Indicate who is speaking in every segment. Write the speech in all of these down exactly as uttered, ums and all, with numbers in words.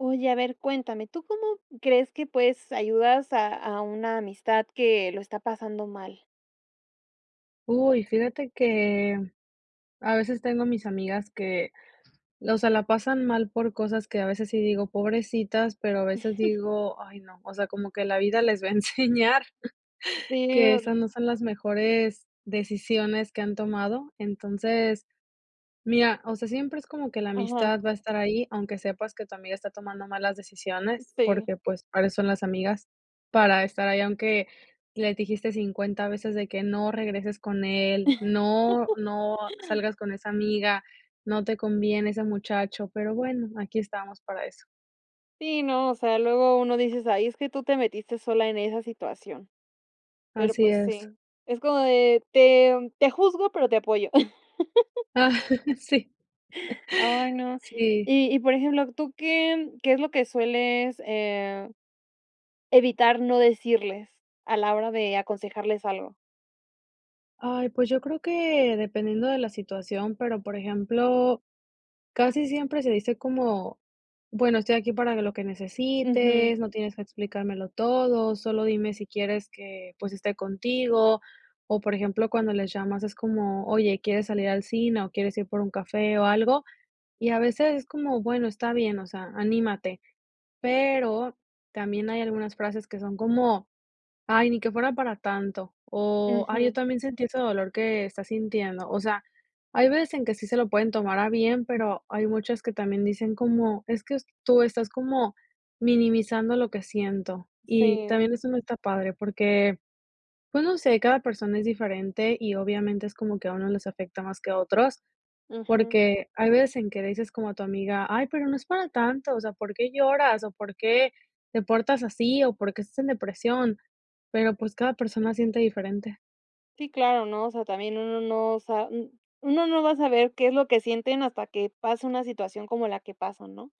Speaker 1: Oye, a ver, cuéntame. ¿Tú cómo crees que puedes ayudas a a una amistad que lo está pasando mal?
Speaker 2: Uy, fíjate que a veces tengo mis amigas que, o sea, la pasan mal por cosas que a veces sí digo: "Pobrecitas", pero a veces digo: "Ay no", o sea, como que la vida les va a enseñar
Speaker 1: Sí,
Speaker 2: que
Speaker 1: ahori
Speaker 2: esas no son las mejores decisiones que han tomado. Entonces, mira, o sea, siempre es como que la
Speaker 1: Ajá.
Speaker 2: amistad va a estar ahí, aunque sepas que tu amiga está tomando malas decisiones,
Speaker 1: Sí.
Speaker 2: porque, pues, para eso son las amigas para estar ahí, aunque les dijiste cincuenta veces de que: "No regreses con él, no no salgas con esa amiga, no te conviene ese muchacho". Pero bueno, aquí estamos para eso.
Speaker 1: Sí, no, o sea, luego uno dices: "Ay, es que tú te metiste sola en esa situación". Pero,
Speaker 2: Así
Speaker 1: pues,
Speaker 2: es.
Speaker 1: sí. Es como de "te em, te juzgo, pero te apoyo".
Speaker 2: Ah, Sí.
Speaker 1: Ay, no.
Speaker 2: Sí.
Speaker 1: Y y por ejemplo ¿tú qué qué es lo que sueles, eh, evitar no decirles a la hora de aconsejarles algo?
Speaker 2: Ay, pues yo creo que dependiendo de la situación, pero, por ejemplo, casi siempre se dice como: "Bueno, estoy aquí para lo que
Speaker 1: Ujú.
Speaker 2: necesites, no tienes que explicármelo todo, solo dime si quieres que, pues esté contigo". O por ejemplo, cuando les llamas es como: "Oye, ¿quieres salir al cine o quieres ir por un café o algo?" Y a veces es como: "Bueno, está bien, o sea, anímate". Pero también hay algunas frases que son como: "Ay, ni que fuera para tanto o, ay, yo
Speaker 1: Ujú.
Speaker 2: también sentí ese dolor que está sintiendo". O sea, hay veces en que sí se lo pueden tomar a bien, pero hay muchas que también dicen como: "Es que s tú estás como minimizando lo que siento." Y también
Speaker 1: Sí.
Speaker 2: eso no está padre porque, pues no sé, cada persona es diferente y obviamente es como que a uno les afecta más que a otros,
Speaker 1: Ujú.
Speaker 2: porque hay veces en que dices como a tu amiga: "Ay, pero no es para tanto, o sea, ¿por qué lloras o por qué te portas así o por qué estás en depresión?" Pero, pues, cada persona siente diferente.
Speaker 1: Sí, claro, ¿no? O sea, también uno no sa un uno no va a saber qué es lo que sienten hasta que pasa una situación como la que pasan, ¿no?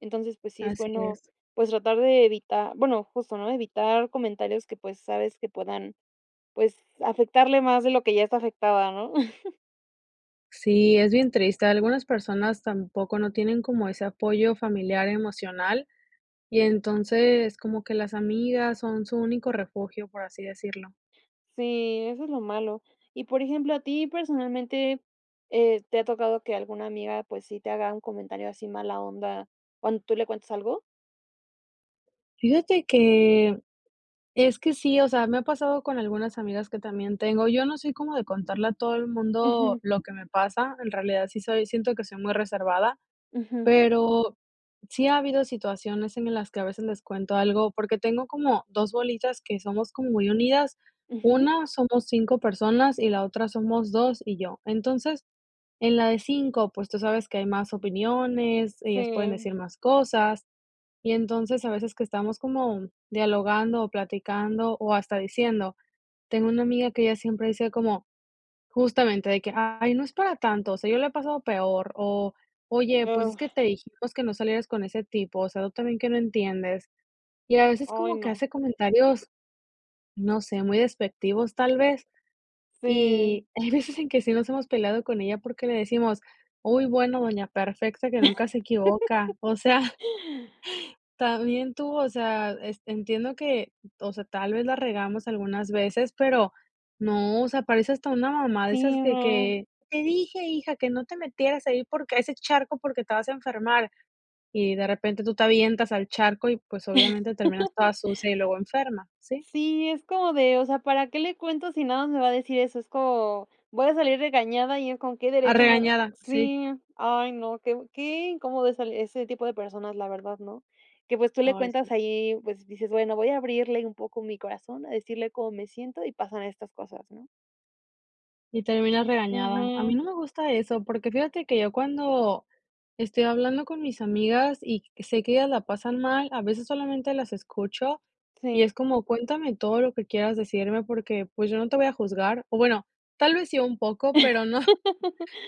Speaker 1: Entonces, pues sí es
Speaker 2: Así
Speaker 1: bueno,
Speaker 2: es.
Speaker 1: pues tratar de evita bueno, justo, ¿no? Evitar comentarios que, pues, sabes que puedan, pues, afectarle más de lo que ya está afectada, ¿no?
Speaker 2: Sí, es bien triste. Algunas personas tampoco no tienen como ese apoyo familiar emocional, y entonces como que las amigas son su único refugio, por así decirlo.
Speaker 1: Sí, eso es lo malo. Y por ejemplo, a ti personalmente, eh, ¿te ha tocado que alguna amiga, pues, sí te haga un comentario así mala onda, cuando tú le cuentes algo?
Speaker 2: Fíjate que, es que sí, o sea, me ha pasado con algunas amigas que también tengo. Yo no soy como de contarle a todo el mundo
Speaker 1: Ujú.
Speaker 2: lo que me pasa, en realidad sí soy siento que soy muy reservada,
Speaker 1: Ujú.
Speaker 2: pero sí ha habido situaciones en las que a veces les cuento algo, porque tengo como dos bolitas que somos como muy unidas.
Speaker 1: Ujú.
Speaker 2: una, somos cinco personas y la otra somos dos y yo. Entonces, en la de cinco, pues tú sabes que hay más opiniones, ellas pueden
Speaker 1: Sí.
Speaker 2: decir más cosas, y entonces a veces que estamos como, dialogando o platicando o hasta diciendo Tengo una amiga que ella siempre dice como, justamente, de que: "Ay no es para tanto, o sea, yo le he pasado peor", o: "Oye, pues es que te dijimos que no salieras con ese tipo, o sea, tú también que no entiendes". Y a veces
Speaker 1: Ay,
Speaker 2: como que
Speaker 1: no.
Speaker 2: hace comentarios, no sé, muy despectivos tal vez.
Speaker 1: Sí.
Speaker 2: Y hay veces en que sí nos hemos peleado con ella porque le decimos: "Uy, bueno doña perfecta, que nunca se equivoca. O sea, también tú". O sea, este, entiendo que, o sea, tal vez la regamos algunas veces, pero no, o sea, parece hasta una mamá de
Speaker 1: Sí,
Speaker 2: esas de
Speaker 1: no.
Speaker 2: que: "Te dije, hija, que no te metieras ahí, porque a ese charco, porque te vas a enfermar". Y de repente tú te avientas al charco y pues obviamente terminas toda sucia y luego enferma. Sí.
Speaker 1: Sí, es como de: "¿O sea, para qué le cuento, si nada más me va a decir eso?" Es co voy a salir regañada y en con qué
Speaker 2: Ah,
Speaker 1: derecho me va a r
Speaker 2: regañada, sí.
Speaker 1: Sí, ay no, qué bu qué incómodo esa l ese tipo de personas, la verdad, ¿no? Que, pues, tú le
Speaker 2: Ay, sí.
Speaker 1: cuentas ahí, pues, dices, bueno, voy a abrirle un poco mi corazón, a decirle cómo me siento y pasan estas cosas, ¿no?
Speaker 2: Y terminas regañada. A mí
Speaker 1: Ujú.
Speaker 2: no me gusta eso, porque fíjate que yo cuando, estoy hablando con mis amigas y c sé que ellas la pasan mal, a veces solamente las escucho y es
Speaker 1: Sí.
Speaker 2: como: "Cuéntame todo lo que quieras decirme porque, pues, yo no te voy a juzgar". O bueno, tal vez sí un poco, pero no,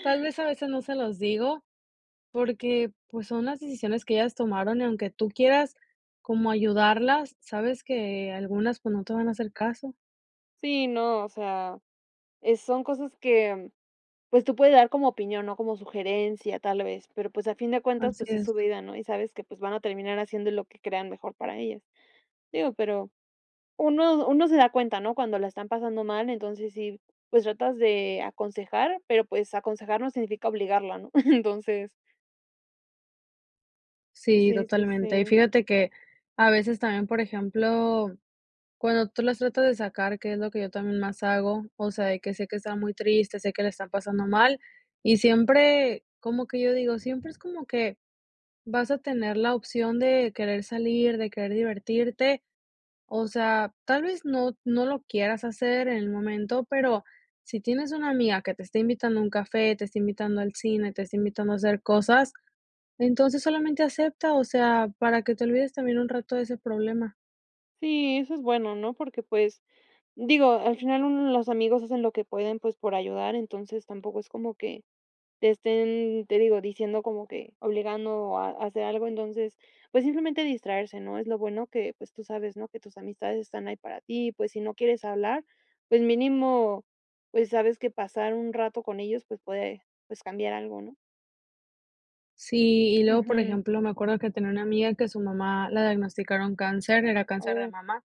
Speaker 2: tal vez a veces no se los digo, porque, pues, son las decisiones que ellas tomaron, y aunque tú quieras como ayudarlas, sabes que algunas, pues, no te van a hacer caso.
Speaker 1: Sí, no, o sea, eh, son cosas que, pues, tú puedes dar como opinión, ¿no? Como sugerencia tal vez, pero, pues, a fin de cuentas,
Speaker 2: Así
Speaker 1: pues, es
Speaker 2: es.
Speaker 1: su vida, ¿no? Y sabes que, pues, van a terminar haciendo lo que crean mejor para ellas. Digo, pero uno uno se da cuenta, ¿no? Cuando la están pasando mal, entonces, sí, pues tratas de aconsejar pero pues aconsejar no significa obligarla, ¿no? Entonces
Speaker 2: Sí,
Speaker 1: Sí, sí,
Speaker 2: totalmente. Y
Speaker 1: sí.
Speaker 2: fíjate que a veces también, por ejemplo, cuando tú las tratas de sacar, que es lo que yo también más hago, o sea, de que sé que está muy triste, sé que la están pasando mal y siempre como que yo digo, siempre es como que vas a tener la opción de querer salir, de querer divertirte. O sea, tal vez no no lo quieras hacer en el momento, pero si tienes una amiga que te está invitando a un café, te está invitando al cine, te está invitando a hacer cosas, entonces solamente acepta, o sea, para que te olvides también un rato de ese problema.
Speaker 1: Sí, eso es bueno, ¿no? Porque, pues, digo, al final uno los amigos hacen lo que pueden, pues, por ayudar, entonces, tampoco es como que te estén, te digo, diciendo como que obligando a a hacer algo, entonces, pues simplemente distraerse, ¿no? Es lo bueno que, pues tú sabes, ¿no? Que tus amistades están ahí para ti, pues si no quieres hablar, pues mínimo, pues sabes que pasar un rato con ellos, pues puede, pues, cambiar algo, ¿no?
Speaker 2: Sí, y luego por
Speaker 1: Ujú.
Speaker 2: ejemplo me acuerdo que tenia una amiga que a su mamá la diagnosticaron cáncer, era cáncer de
Speaker 1: Oh.
Speaker 2: mamá,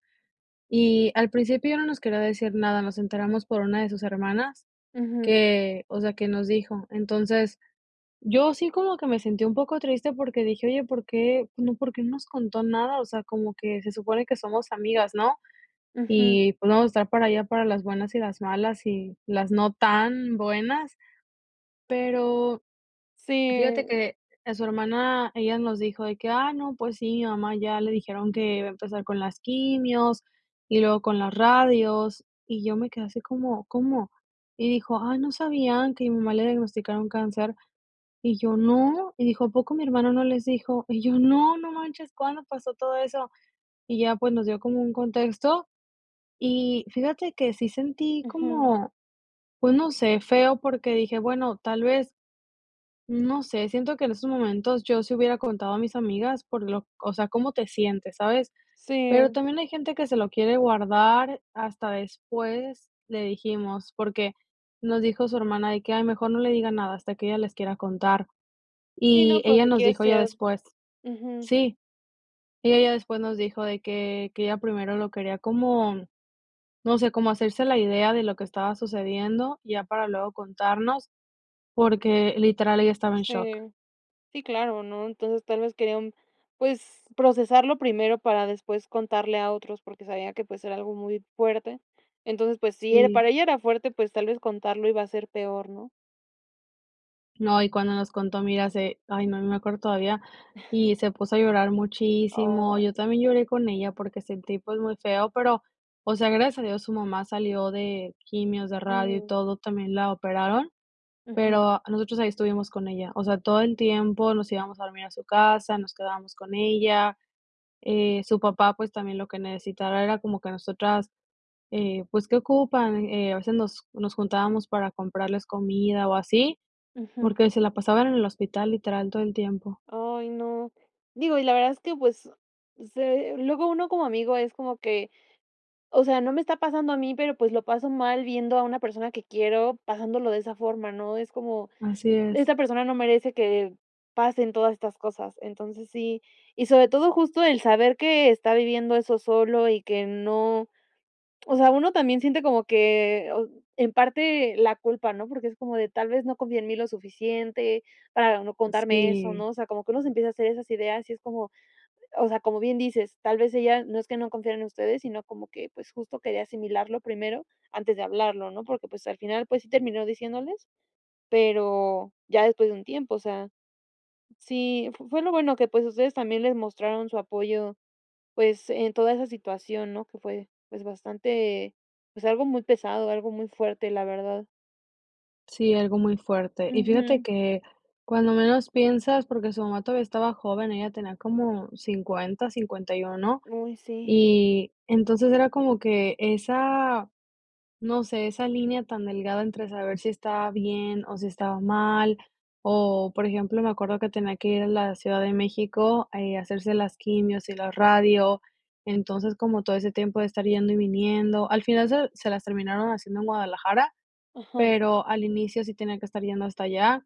Speaker 2: y al principio no nos quería decir nada, nos enteramos por una de sus hermanas
Speaker 1: Ujú.
Speaker 2: que, o sea, que nos dijo. Entonces, yo sí como que me sentía un poco triste porque dije: "Oye, ¿por qué?, no ¿por qué no nos contó nada?". O sea, como que se supone que somos amigas, ¿no?
Speaker 1: Ujú.
Speaker 2: Y, pues, no vamos a estar para ella para las buenas y las malas, y las no tan buenas. Pero fíjate
Speaker 1: Sí.
Speaker 2: que a su hermana, ella nos dijo de que: "Ah, no, pues sí, mi mamá ya le dijeron que iba a empezar con las quimios, y luego con las radios", y yo me quedé así como como, y dijo: "Ay, ¿no sabían que a mi mamá le diagnosticaron cáncer?", y yo: "No" y dijo: "¿A poco mi hermana no les dijo?" Y yo: "No, no manches, ¿cuándo pasó todo eso?". Y ya, pues, nos dio como un contexto, y fíjate que sí sentí
Speaker 1: Ujú.
Speaker 2: como, pues, no sé, feo, porque dije: "Bueno, tal vez" no sé, siento que en esos momentos yo sí hubiera contado a mis amigas por lo o sea, cómo te sientes, ¿sabes? Pero
Speaker 1: Sí.
Speaker 2: también hay gente que se lo quiere guardar hasta después, le dijimos, porque nos dijo su hermana de que: "Ay, mejor no le diga nada hasta que ella les quiera contar."
Speaker 1: Sí, no,
Speaker 2: Y ella
Speaker 1: porque
Speaker 2: nos
Speaker 1: quiere
Speaker 2: dijo ya
Speaker 1: ser
Speaker 2: después,
Speaker 1: ujú.
Speaker 2: sí, ella ya después nos dijo de que que ella primero lo quería como, no sé, como hacerse la idea de lo que estaba sucediendo, ya para luego contarnos, porque, literal, ella estaba en shock.
Speaker 1: Sí. Sí, claro, ¿no? Entonces tal vez quería un pues procesarlo primero para después contarle a otros porque sabía que pues era algo muy fuerte. Entonces pues si era
Speaker 2: Sí.
Speaker 1: para ella era fuerte pues tal vez contarlo iba a ser peor, ¿no?
Speaker 2: No, y cuando nos contó, mira, se ay, no, me acuerdo todavía, y se puso a llorar muchísimo, yo
Speaker 1: Ay.
Speaker 2: también lloré con ella porque sentí, pues, muy feo, pero, o sea, gracias a Dios, su mamá salió de quimios, de radio y
Speaker 1: Mm.
Speaker 2: todo. También la operaron,
Speaker 1: Ujú.
Speaker 2: pero nosotros ahí estuvimos con ella, o sea, todo el tiempo nos íbamos a dormir a su casa, nos quedábamos con ella, eh, su papá, pues, también lo que necesitara era como que nosotras, eh, pues, ¿qué ocupan? Eh, a veces nos nos juntábamos para comprarles comida, o, así,
Speaker 1: Ujú.
Speaker 2: porque se la pasaban en el hospital, literal, todo el tiempo.
Speaker 1: Ay, no, digo, y la verdad es que, pues, se luego uno como amigo es como que o sea, no me está pasando a mí, pero, pues, lo paso mal viendo a una persona que quiero pasándolo de esa forma, ¿no? Es como:
Speaker 2: Así es.
Speaker 1: "Esta persona no merece que pasen todas estas cosas", entonces sí y sobre todo justo el saber que está viviendo eso solo y que no o sea, uno también siente como que o en parte la culpa, ¿no? Porque es como de: "Tal vez no confíe en mí lo suficiente para no contarme eso",
Speaker 2: Sí.
Speaker 1: ¿no? O sea, como que uno se empieza a hacer esas ideas, y es como, o sea, como bien dices, tal vez ella no es que no confiara en ustedes, sino, como que, pues, justo quería asimilarlo primero antes de hablarlo, ¿no? Porque, pues, al final, pues, sí terminó diciéndoles pero ya después de un tiempo, o sea, sí f fue lo bueno que, pues, ustedes también les mostraron su apoyo, pues, en toda esa situación, ¿no? Que fue, pues, bastante pues, algo muy pesado, algo muy fuerte, la verdad.
Speaker 2: Sí, algo muy fuerte. Y fíjate
Speaker 1: Ujú.
Speaker 2: que cuando menos piensas, porque su mamá todavía estaba joven, ella tenía como cincuenta, cincuenta y uno,
Speaker 1: Uy, sí.
Speaker 2: y entonces era como que esa, no sé, esa línea tan delgada entre saber si estaba bien, o, si estaba mal, o, por ejemplo, me acuerdo que tenía que ir a la Ciudad de México, eh, a hacerse las quimios y la radio. Entonces, como todo ese tiempo de estar yendo y viniendo, al final se se las terminaron haciendo en Guadalajara,
Speaker 1: Ajá.
Speaker 2: pero al inicio sí tenía que estar yendo hasta allá,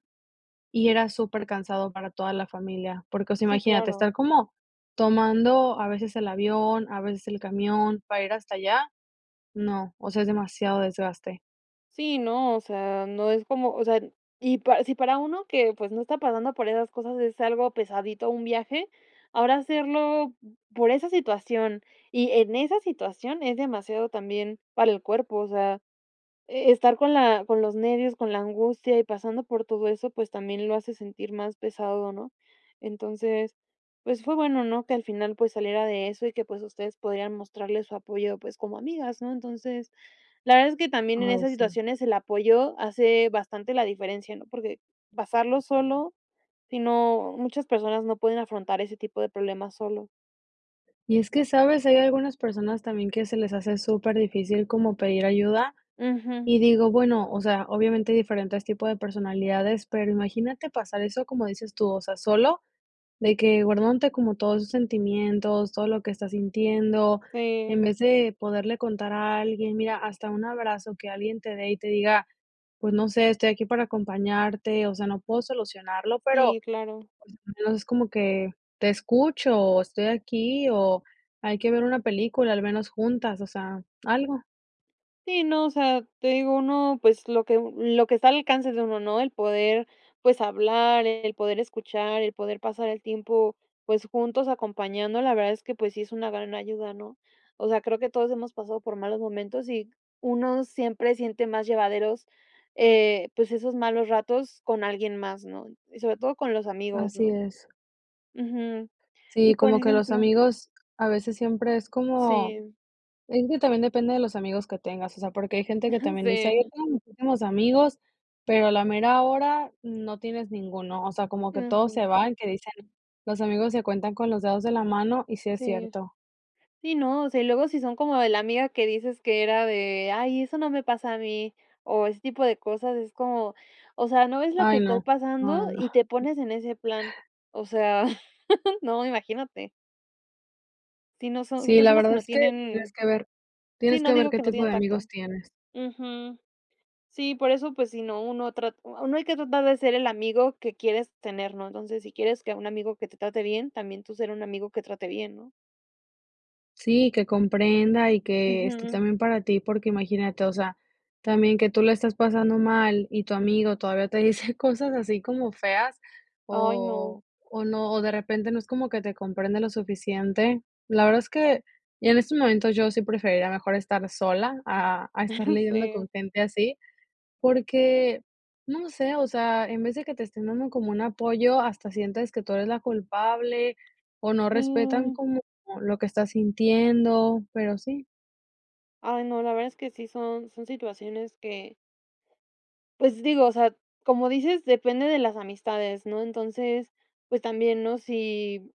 Speaker 2: y era supercansado para toda la familia, porque, o sea,
Speaker 1: Sí,
Speaker 2: imagínate, estar
Speaker 1: claro.
Speaker 2: como tomando a veces el avión, a veces el camión, para ir hasta allá, no, o sea es demasiado desgaste.
Speaker 1: Sí, no, o sea, no es como, o sea, y para si para uno que pues no está pasando por esas cosas es algo pesadito un viaje, ahora hacerlo por esa situación y en esa situación es demasiado también para el cuerpo, o sea, eh, estar con la con los nervios, con la angustia y pasando por todo eso pues también lo hace sentir más pesado, ¿no? Entonces, pues fue bueno, ¿no? Que al final pues saliera de eso y que pues ustedes podían mostrarles su apoyo pues como amigas, ¿no? Entonces, la verdad es que también en
Speaker 2: Ay,
Speaker 1: esas
Speaker 2: sí.
Speaker 1: situaciones el apoyo hace bastante la diferencia, ¿no? Porque pasarlo solo sí, no, muchas personas no pueden afrontar ese tipo de problemas solo.
Speaker 2: Y es que, ¿sabes? Hay algunas personas también que se les hace súper difícil como pedir ayuda,
Speaker 1: Ujú.
Speaker 2: y digo, bueno, o sea, obviamente hay diferentes tipos de personalidades, pero imagínate pasar eso como dices tú, o sea, solo de que guardándote como todos tus sentimientos, todo lo que estás sintiendo,
Speaker 1: Sí.
Speaker 2: en vez de poderle contar a alguien, mira, hasta un abrazo que alguien te dé y te diga: "Pues no sé, estoy aquí para acompañarte, o sea, no puedo solucionarlo, pero,
Speaker 1: Sí, claro.
Speaker 2: al menos es como que te escucho o estoy aquí o hay que ver una película al menos juntas", o sea, algo.
Speaker 1: Sí, no, o sea, te digo, uno, pues, lo que lo que está alcance de uno, ¿no? El poder, pues, hablar, el poder escuchar, el poder pasar el tiempo, pues, juntos, acompañando, la verdad es que, pues, sí es una gran ayuda, ¿no? O sea, creo que todos hemos pasado por malos momentos y uno siempre siente más llevaderos, eh, pues esos malos ratos con alguien más, ¿no? Y sobre todo con los amigos,
Speaker 2: Así
Speaker 1: ¿no?
Speaker 2: es.
Speaker 1: Ujú. Y
Speaker 2: Sí,
Speaker 1: por
Speaker 2: como que los
Speaker 1: ejemplo
Speaker 2: amigos, a veces siempre es como
Speaker 1: Sí.
Speaker 2: es que también depende de los amigos que tengas, o sea, porque hay gente que
Speaker 1: Ujú,
Speaker 2: también dice: "Ay,
Speaker 1: sí.
Speaker 2: yo tengo muchísimos amigos", pero a la mera hora no tienes ninguno, o sea, como que todos se
Speaker 1: Ujú.
Speaker 2: van. Que dicen, los amigos se cuentan con los dedos de la mano, y sí es
Speaker 1: Sí.
Speaker 2: cierto.
Speaker 1: Sí, no, o sea y luego si son como de la amiga que dices que era de: "Ay, eso no me pasa a mí", o ese tipo de cosas es como: "O sea, ¿no ves lo que
Speaker 2: Ay,
Speaker 1: estoy
Speaker 2: no. No,
Speaker 1: pasando?
Speaker 2: no, no.
Speaker 1: Y te pones en ese plan". O sea, no, imagínate. Sí, no, son son
Speaker 2: Sí, la
Speaker 1: personas que
Speaker 2: verdad,
Speaker 1: no
Speaker 2: es que tienes
Speaker 1: tienen
Speaker 2: que ver
Speaker 1: Sí,
Speaker 2: tienes
Speaker 1: no,
Speaker 2: que ver,
Speaker 1: digo,
Speaker 2: qué
Speaker 1: que no
Speaker 2: tipo
Speaker 1: tienen
Speaker 2: de
Speaker 1: tacto.
Speaker 2: amigos tienes.
Speaker 1: Ujú. Sí, por eso, pues, si no uno trat Uno, hay que tratar de ser el amigo, que quieres tener, ¿no? Entonces, si quieres que un amigo que te trate bien, también tú ser un amigo, que trate bien, ¿no?
Speaker 2: Sí, que comprenda y que esté
Speaker 1: Ujú.
Speaker 2: también para ti, porque imagínate, o sea, también que tú la estás pasando mal y tu amigo todavía te dice cosas así como feas,
Speaker 1: Ay, no.
Speaker 2: o o no o de repente no es como que te comprende lo suficiente. La verdad es que, y en estos momentos, yo sí preferiría mejor estar sola a a estar lidiando con
Speaker 1: Sí.
Speaker 2: gente así, porque, no sé, o sea, en vez de que te estén dando como un apoyo, hasta sientes que tú eres la culpable, o no respetan
Speaker 1: Sí.
Speaker 2: como lo que estás sintiendo, pero sí.
Speaker 1: Ay no, la verdad es que sí son son situaciones que Pues, digo, o sea, como dices, depende de las amistades, ¿no? Entonces, pues también, ¿no? Si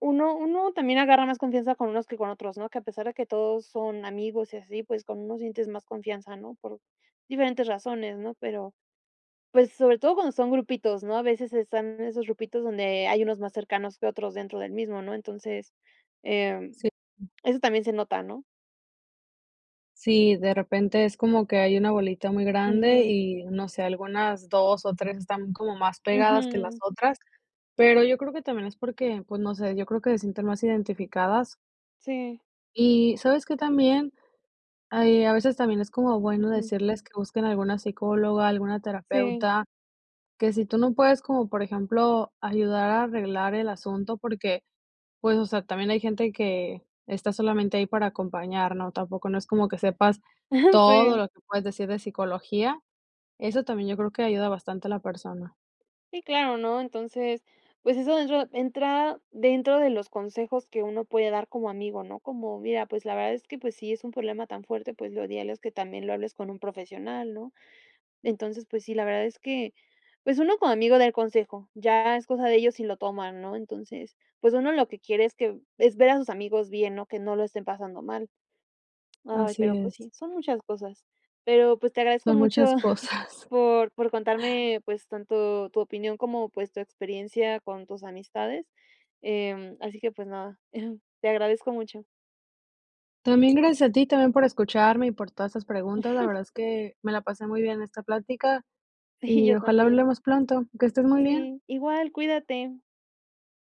Speaker 1: uno uno también agarra más confianza con unos que con otros, ¿no?, que a pesar de que todos son amigos y así, pues con unos sientes más confianza, ¿no? Por diferentes razones, ¿no?, pero, pues sobre todo cuando son grupitos, ¿no? A veces están esos grupitos donde hay unos más cercanos que otros dentro del mismo, ¿no? Entonces, eh,
Speaker 2: Sí. Mm.
Speaker 1: eso también se nota, ¿no?
Speaker 2: Sí, de repente es como que hay una bolita muy grande
Speaker 1: Ujú.
Speaker 2: y, no sé, algunas dos ó tres están como más pegadas que las
Speaker 1: Ujú.
Speaker 2: otras, pero yo creo que también es porque, pues, no sé, yo creo que se sienten más identificadas.
Speaker 1: Sí.
Speaker 2: Y, ¿sabes qué también? Ahí a veces también es como bueno
Speaker 1: Ujú,
Speaker 2: decirles que busquen alguna psicóloga, alguna
Speaker 1: Sí.
Speaker 2: terapeuta. Que si tú no puedes, como por ejemplo, ayudar a arreglar el asunto porque, pues, o sea, también hay gente que está solamente ahí para acompañar, ¿no?, tampoco no es como que sepas
Speaker 1: Ajá.
Speaker 2: todo
Speaker 1: Sí.
Speaker 2: lo que puedes decir de psicología. Eso también yo creo que ayuda bastante a la persona.
Speaker 1: Sí, claro, ¿no? Entonces, pues eso dentro entra dentro de los consejos que uno puede dar como amigo, ¿no? Como: "Mira, pues la verdad es que, pues, si es un problema tan fuerte, pues lo ideal es que también lo hables con un profesional", ¿no? Entonces, pues sí, la verdad es que, pues uno como amigo da el consejo, ya es cosa de ellos si lo toman, ¿no? Entonces, pues uno lo que quiere es que es ver a sus amigos bien, ¿no? Que no lo estén pasando mal. Ay,
Speaker 2: Así
Speaker 1: pero pues
Speaker 2: es.
Speaker 1: sí, son muchas cosas. Pero pues, te agradezco
Speaker 2: Son
Speaker 1: mucho
Speaker 2: muchas cosas.
Speaker 1: por por contarme, pues, tanto tu opinión como, pues, tu experiencia con tus amistades. Em, así que, pues nada, te agradezco mucho.
Speaker 2: También gracias a ti, también, por escucharme y por todas esas preguntas. La verdad es que me la pasé muy bien en esta plática, y,
Speaker 1: Yo
Speaker 2: ojalá
Speaker 1: también.
Speaker 2: hablemos pronto. Que estés muy bien.
Speaker 1: Sí, igual, cuídate.